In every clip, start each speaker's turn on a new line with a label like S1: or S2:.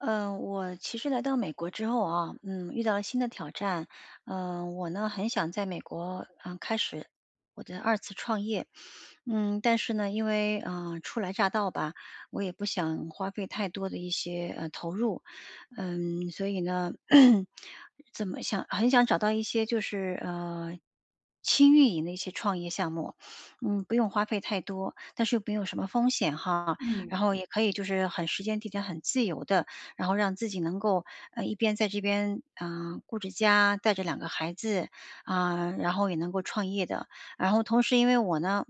S1: 呃，我其实来到美国之后啊，嗯，遇到了新的挑战，呃，我呢很想在美国，嗯，开始我的二次创业。嗯，但是呢因为，呃，初来乍到吧，我也不想花费太多的一些，呃，投入，嗯，所以呢，怎么想很想找到一些就是，呃，轻运营的一些创业项目，嗯，不用花费太多，但是又没有什么风险哈，
S2: 嗯。
S1: 然后也可以就是很时间地点很自由的，然后让自己能够，呃，一边在这边，呃，顾着家带着2个孩子，啊，然后也能够创业的。然后同时因为我呢，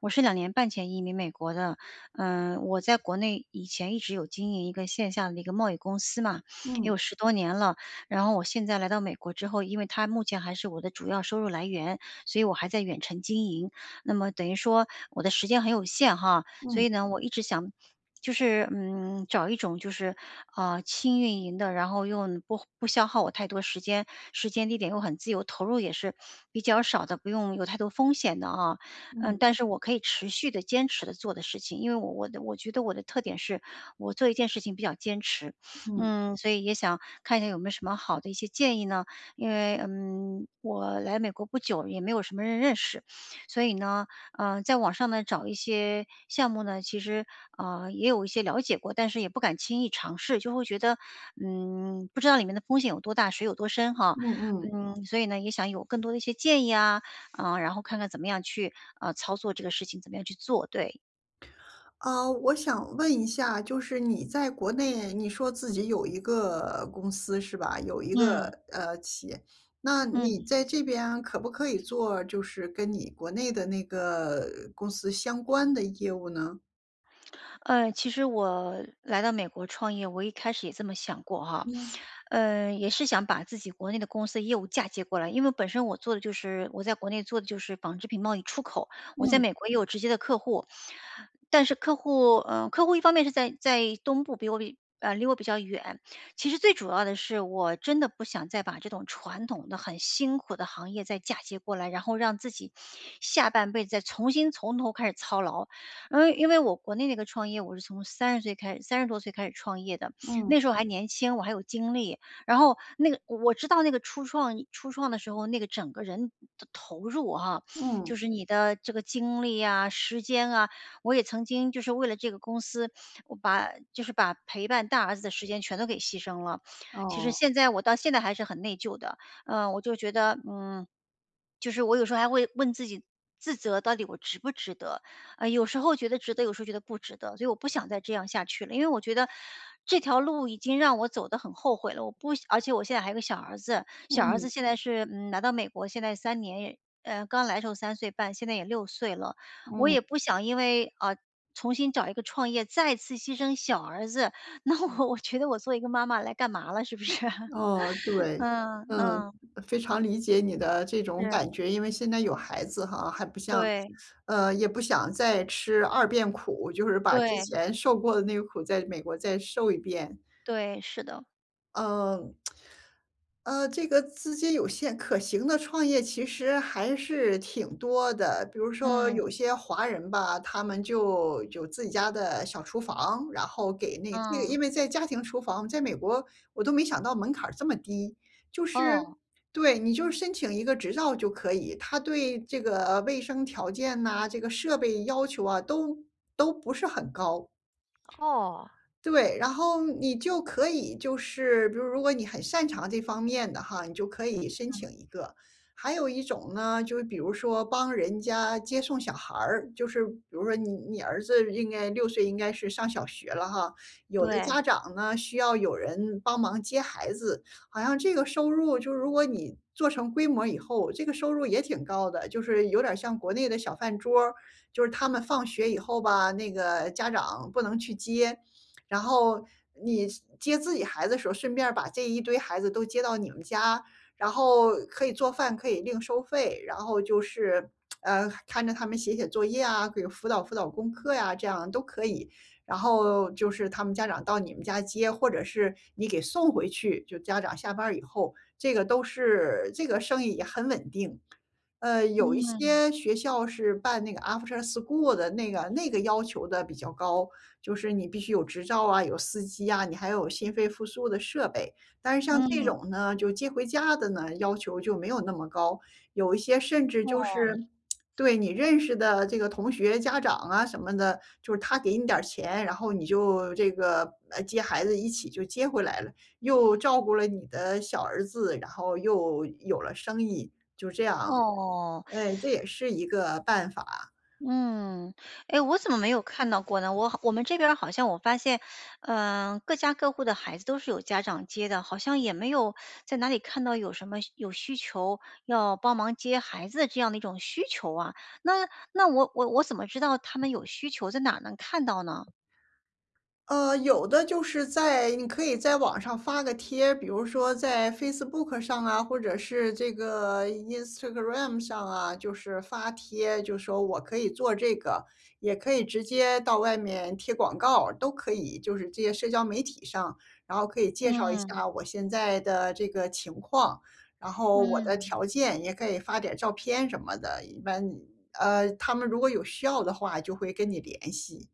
S1: 我是2年半前移民美国的，呃，我在国内以前一直有经营一个线下的一个贸易公司嘛，也
S2: 嗯。
S1: 有10多年了。然后我现在来到美国之后，因为它目前还是我的主要收入来源，所以我还在远程经营。那么等于说我的时间很有限哈。所
S2: 嗯。
S1: 以呢我一直想，就是，嗯，找一种就是，啊，轻运营的，然后又不不消耗我太多时间，时间地点又很自由，投入也是，比较少的，不用有太多风险的啊，嗯，
S2: 嗯。
S1: 但是我可以持续地坚持地做的事情，因为我我我觉得我的特点是，我做一件事情比较坚持。
S2: 嗯。
S1: 嗯，所以也想看一下有没有什么好的一些建议呢？因为，嗯，我来美国不久，也没有什么人认识，所以呢，呃，在网上呢找一些项目呢其实，呃，也有一些了解过，但是也不敢轻易尝试，就会觉得，嗯，不知道里面的风险有多大、水有多深哈。
S2: 嗯嗯。
S1: 嗯，所以呢也想有更多的一些建议啊，呃，然后看看怎么样去，呃，操作这个事情，怎么样去做，对。
S2: 啊，我想问一下，就是你在国内，你说自己有一个公司是吧？有一个，
S1: 嗯。
S2: 呃，企业，那你
S1: 嗯。
S2: 在这边可不可以做就是跟你国内的那个公司相关的业务呢？
S1: 呃，其实我来到美国创业，我一开始也这么想过哈，
S2: 嗯。
S1: 呃，也是想把自己国内的公司业务嫁接过来，因为本身我做的就是我在国内做的就是纺织品贸易出口，我在
S2: 嗯。
S1: 美国也有直接的客户。但是客户呃，客户一方面是在在东部，比我呃，离我比较远，其实最主要的是我真的不想再把这种传统的很辛苦的行业再嫁接过来，然后让自己下半辈子再重新从头开始操劳。呃，因为我国内那个创业，我是从30岁开始，30多岁开始创业的，
S2: 嗯。
S1: 那时候还年轻。我还有精力，然后那个我知道那个初创初创的时候，那个整个人的投入啊，
S2: 嗯。
S1: 就是你的这个精力呀，时间啊，我也曾经就是为了这个公司，我把就是把陪伴大儿子的时间全都给牺牲了。其实
S2: 哦。
S1: 现在我到现在还是很内疚的，呃，我就觉得，嗯，就是我有时候还会问自己，自责到底我值不值得，呃，有时候觉得值得，有时候觉得不值得，所以我不想再这样下去了，因为我觉得这条路已经让我走得很后悔了。我不想而且我现在还有一个小儿子，小儿
S2: 嗯。
S1: 子现在是，嗯，来到美国现在3年呃，刚来的时候3岁半，现在也6岁了，我
S2: 嗯。
S1: 也不想因为，啊，重新找一个创业再次牺牲小儿子，那我-我觉得我做一个妈妈来干嘛了，是不是？
S2: 哦，对，
S1: 嗯
S2: 嗯，
S1: 嗯。
S2: 非常理解你的这种感
S1: 是。
S2: 觉，因为现在有孩子哈，还不像
S1: 对。
S2: 呃，也不想再吃2遍苦，就是把之
S1: 对。
S2: 前受过的那个苦在美国再受一遍。
S1: 对，是的。
S2: 呃，呃，这个资金有限可行的创业其实还是挺多的。比如说有
S1: 嗯。
S2: 些华人吧，他们就有自己家的小厨房，然后给那对，
S1: 嗯。
S2: 因为在家庭厨房在美国，我都没想到门槛儿这么低。就是
S1: 哦。
S2: 对，你就申请一个执照就可以。它对这个卫生条件呐，这个设备要求啊，都都不是很高。
S1: 哦。
S2: 对，然后你就可以就是，比如如果你很擅长这方面的哈，你就可以申
S1: 嗯。
S2: 请一个。还有一种呢，就是比如说帮人家接送小孩儿。就是比如说你你儿子应该6岁应该是上小学了哈。有的
S1: 对。
S2: 家长呢，需要有人帮忙接孩子，好像这个收入就如果你做成规模以后，这个收入也挺高的，就是有点儿像国内的小饭桌儿。就是他们放学以后吧，那个家长不能去接。然后你接自己孩子的时候，顺便儿把这一堆孩子都接到你们家，然后可以做饭，可以另收费。然后就是，呃，看着他们写写作业啊，给辅导辅导功课呀，这样都可以。然后就是他们家长到你们家接，或者是你给送回去，就家长下班儿以后。这个都是这个生意也很稳定。呃，有一
S1: 嗯。
S2: 些学校是办那个 After school 的那个那个要求得比较高。就是你必须有执照啊，有司机啊，你还有心肺复苏的设备。但是像这
S1: 嗯。
S2: 种呢就接回家的呢，要求就没有那么高。有一些甚至就
S1: 哦。
S2: 是 对，你认识的这个同学家长啊什么的，就是他给你点儿钱，然后你就这个，呃，接孩子一起就接回来了。又照顾了你的小儿子，然后又有了生意，就这样。
S1: 哦。
S2: 嗯，这 也是一个办法。
S1: 嗯，哎，我怎么没有看到过呢？我好我们这边好像我发现，呃，各家各户的孩子都是有家长接的。好像也没有 在哪里看到有什么有需求，要帮忙接孩子的这样的一种需求啊。那那我我我怎么知道他们有需求，在哪能看到呢？
S2: 呃，有的就是在你可以在网上发个贴，比如说在 Facebook 上啊，或者是这个 Instagram 上啊。就是发帖，就说我可以做这个。也可以直接到外面贴广告，都可以，就是这些社交媒体上。然后可以介绍一
S1: 嗯。
S2: 下我现在的这个情况，然后我的
S1: 嗯。
S2: 条件，也可以发点照片什么的。一般，呃，他们如果有需要的话就会跟你联系。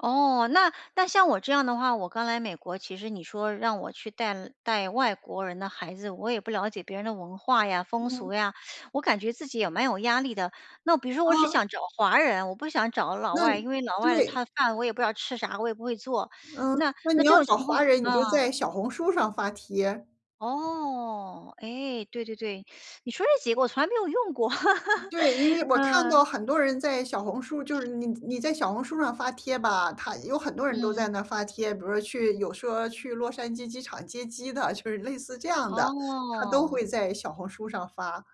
S1: 哦，那那像我这样的话，我刚来美国。其实你说让我去带带外国人的孩子，我也不了解别人的文化呀、风
S2: 嗯。
S1: 俗呀，我感觉自己也蛮有压力的。那比如说我是
S2: 嗯。
S1: 想找华人，我不想找老
S2: 那
S1: 外，因为老外
S2: 对。
S1: 他饭我也不知道吃啥，我也不会做。
S2: 嗯，
S1: 那
S2: 那
S1: 那
S2: 你
S1: 这
S2: 要
S1: 种情
S2: 找
S1: 况
S2: 华人，你就
S1: 啊。
S2: 在小红书上发帖。
S1: 哦，哎，对对对，你说这几个我从来没有用过。
S2: 对，因为 我看
S1: 嗯。
S2: 到很多人在小红书就是你你在小红书上发帖吧，他有很多人都在
S1: 嗯。
S2: 那发帖。比如去有说去洛杉矶机场接机的，就是类似这样的，他都
S1: 哦。
S2: 会在小红书上发。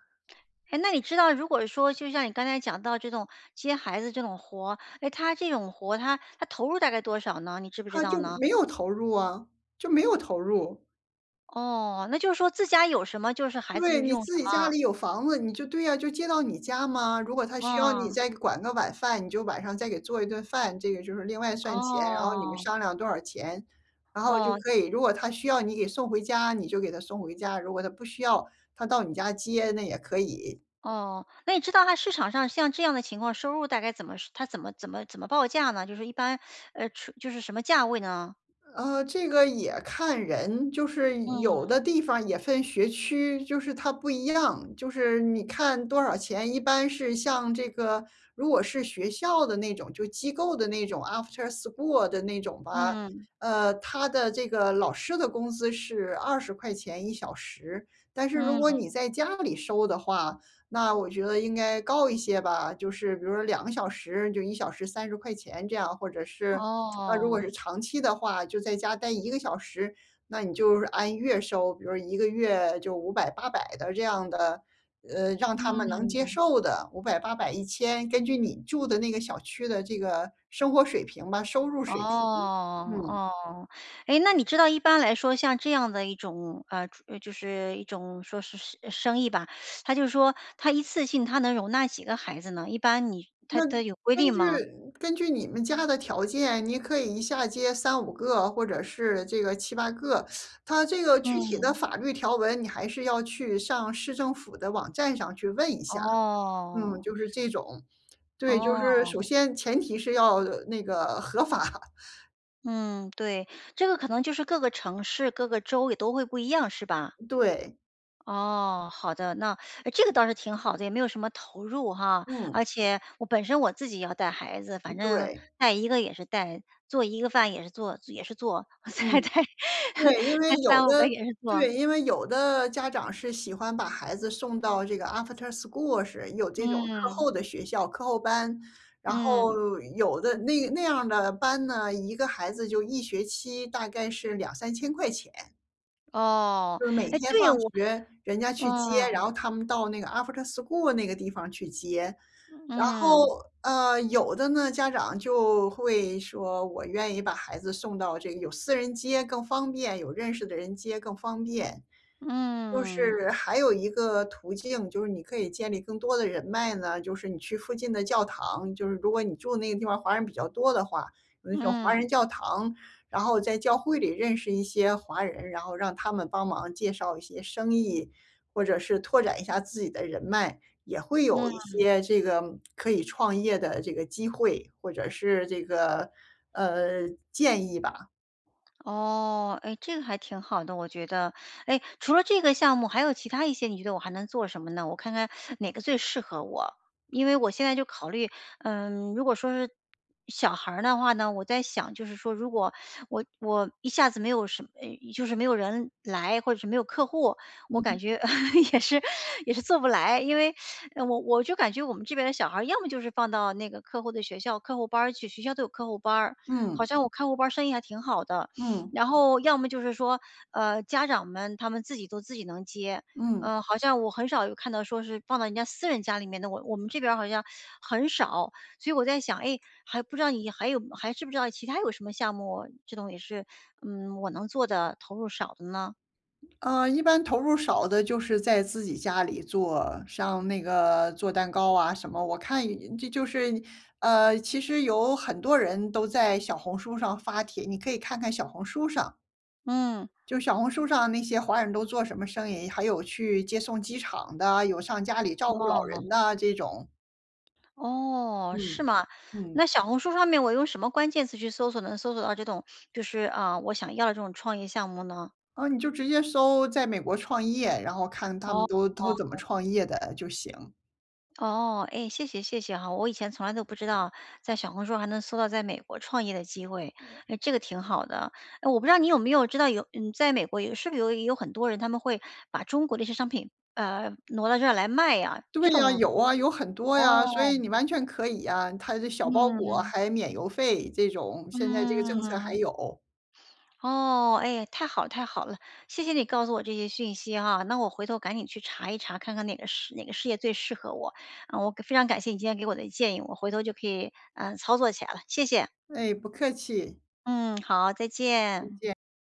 S1: 哎，那你知道如果说就像你刚才讲到这种接孩子这种活，诶，它这种活它它投入大概多少呢？你知不知
S2: 它
S1: 道
S2: 就
S1: 呢？
S2: 没有投入啊，就没有投入。
S1: 哦，那就是说自家有什么就是孩子
S2: 对，
S1: 就
S2: 你
S1: 用什
S2: 自己家
S1: 么？
S2: 里有房子，你就对呀，就接到你家嘛。如果他需要你
S1: 嗯。
S2: 再管个晚饭，你就晚上再给做一顿饭，这个就是另外算钱。然后你们
S1: 哦。
S2: 商量多少钱，然后就
S1: 哦。
S2: 可以如果他需要你给送回家，你就给他送回家，如果他不需要他到你家接，那也可以。
S1: 哦，那你知道它市场上像这样的情况，收入大概怎么它怎么怎么怎么报价呢？就是一般，呃，收就是什么价位呢？
S2: 呃，这个也看人，就是有
S1: 嗯。
S2: 的地方也分学区，就是它不一样。就是你看多少钱，一般是像这个如果是学校的那种就机构的那种 After school 的那种吧，
S1: 嗯。
S2: 呃，它的这个老师的工资是¥201小时，但是如果
S1: 嗯。
S2: 你在家里收的话，那我觉得应该高一些吧。就是比如说2个小时就1小时¥块钱这样，或者是，啊，如果
S1: 哦。
S2: 是长期的话就在家待1个小时，那你就是按月收，比如1个月就500、800的这样的，呃，让他们能接
S1: 嗯。
S2: 受的，500、800、1000根据你住的那个小区的这个生活水平吧，收入
S1: 哦，
S2: 水平，嗯。
S1: 哦。诶，那你知道一般来说像这样的一种，呃就是一种说是是生意吧，它就说它一次性它能容纳几个孩子呢？一般你它
S2: 那
S1: 它有规
S2: 根
S1: 定
S2: 据
S1: 吗？
S2: 根据你们家的条件，你可以一下接3-5个或者是这个7-8个。它这个具体的
S1: 嗯。
S2: 法律条文，你还是要去上市政府的网站上去问一下，嗯，
S1: 哦。
S2: 就是这种对，就是首
S1: 哦。
S2: 先前提是要那个合法。
S1: 嗯，对，这个可能就是各个城市、各个州也都会不一样是吧？
S2: 对。
S1: 哦，好的，那诶，这个倒是挺好的，也没有什么投入哈，
S2: 嗯。
S1: 而且我本身我自己也要带孩子，反
S2: 嗯
S1: 正
S2: 对。
S1: 带一个也是带，做一个饭也是做也是做，
S2: 嗯，
S1: 再带
S2: 对，因为
S1: 带
S2: 有
S1: 3-5个
S2: 的
S1: 也是做。
S2: 对，因为有的家长是喜欢把孩子送到这个 After school 式，有这种课
S1: 嗯。
S2: 后的学校课后班，然
S1: 嗯。
S2: 后有的那那样儿的班呢，一个孩子就一学期大概是2000-3000块钱。
S1: 哦，
S2: 就是每
S1: 诶，
S2: 天
S1: 对，
S2: 放
S1: 我
S2: 学人家去接，然
S1: 啊。
S2: 后他们到那个 After school 那个地方去接。然后，
S1: 嗯。
S2: 呃，有的呢，家长就会说我愿意把孩子送到这个有私人接更方便，有认识的人接更方便。就
S1: 嗯。
S2: 是还有一个途径，就是你可以建立更多的人脉呢，就是你去附近的教堂，就是如果你住的那个地方华人比较多的话，有那种华
S1: 嗯。
S2: 人教堂，然后在教会里认识一些华人，然后让他们帮忙介绍一些生意，或者是拓展一下自己的人脉，也会有一
S1: 嗯。
S2: 些这个可以创业的这个机会，或者是这个，呃，建议吧。
S1: 哦，哎，这个还挺好的我觉得。哎，除了这个项目还有其它一些你觉得我还能做什么呢？我看看 哪个最适合我，因为我现在就考虑，嗯，如果说是小孩儿的话呢？我在想就是说如果 我我一下子没有什么就是没有人来或者是没有客户，我感
S2: 嗯。
S1: 觉 也是也是做不来，因为 我我就感觉我们这边的小孩要么就是放到那个客户的学校、客户班儿去，学校都有客户班儿，好
S2: 嗯。
S1: 像我看客户班儿生意还挺好的。
S2: 嗯。
S1: 然后要么就是说，呃，家长们他们自己都自己能接，
S2: 嗯。
S1: 呃，好像我很少有看到说是放到人家私人家里面的，我我们这边儿好像 很少，所以我在想，哎，还不知道你还有还知不知道其它有什么项目这种也是，嗯，我能做的，投入少的呢？
S2: 呃，一般投入少的就是在自己家里做像那个做蛋糕啊什么，我看人家就是，呃，其实有很多人都在小红书上发帖，你可以看看小红书上。
S1: 嗯。
S2: 就小红书上那些华人都做什么生意，还有去接送机场的，有上家里照顾老
S1: 哦。
S2: 人的这种。
S1: 哦，是
S2: 嗯
S1: 吗？
S2: 嗯。
S1: 那小红书上面我用什么关键词去搜索，能搜索到这种，就是，呃，我想要的这种创业项目呢？
S2: 啊，你就直接搜在美国创业，然后看他们都都怎么
S1: 哦。
S2: 创业的就行。
S1: 哦，唉，谢谢谢谢哈，我以前从来都不知道在小红书还能搜到在美国创业的机会，
S2: 嗯。
S1: 诶，这个挺好的，呃，我不知道你有没有知道有，嗯，在美国有是不是有有很多人他们会把中国的一些商品，呃，挪到这儿来卖啊，
S2: 对
S1: 这
S2: 呀，
S1: 种
S2: 有啊，有很多呀，
S1: 哦。
S2: 所以你完全可以啊，它的小包裹
S1: 嗯。
S2: 还免邮费这种，现在这个政策还
S1: 嗯。
S2: 有。
S1: 哦，唉，太好了太好了，谢谢你告诉我这些讯息哈，那我回头赶紧去查一查，看看哪个事哪个事业最适合我，我非常感谢你今天给我的建议，我回头就可以，呃，操作起来了，谢谢。
S2: 哎，不客气。
S1: 嗯，好，再
S2: 再
S1: 见。
S2: 见。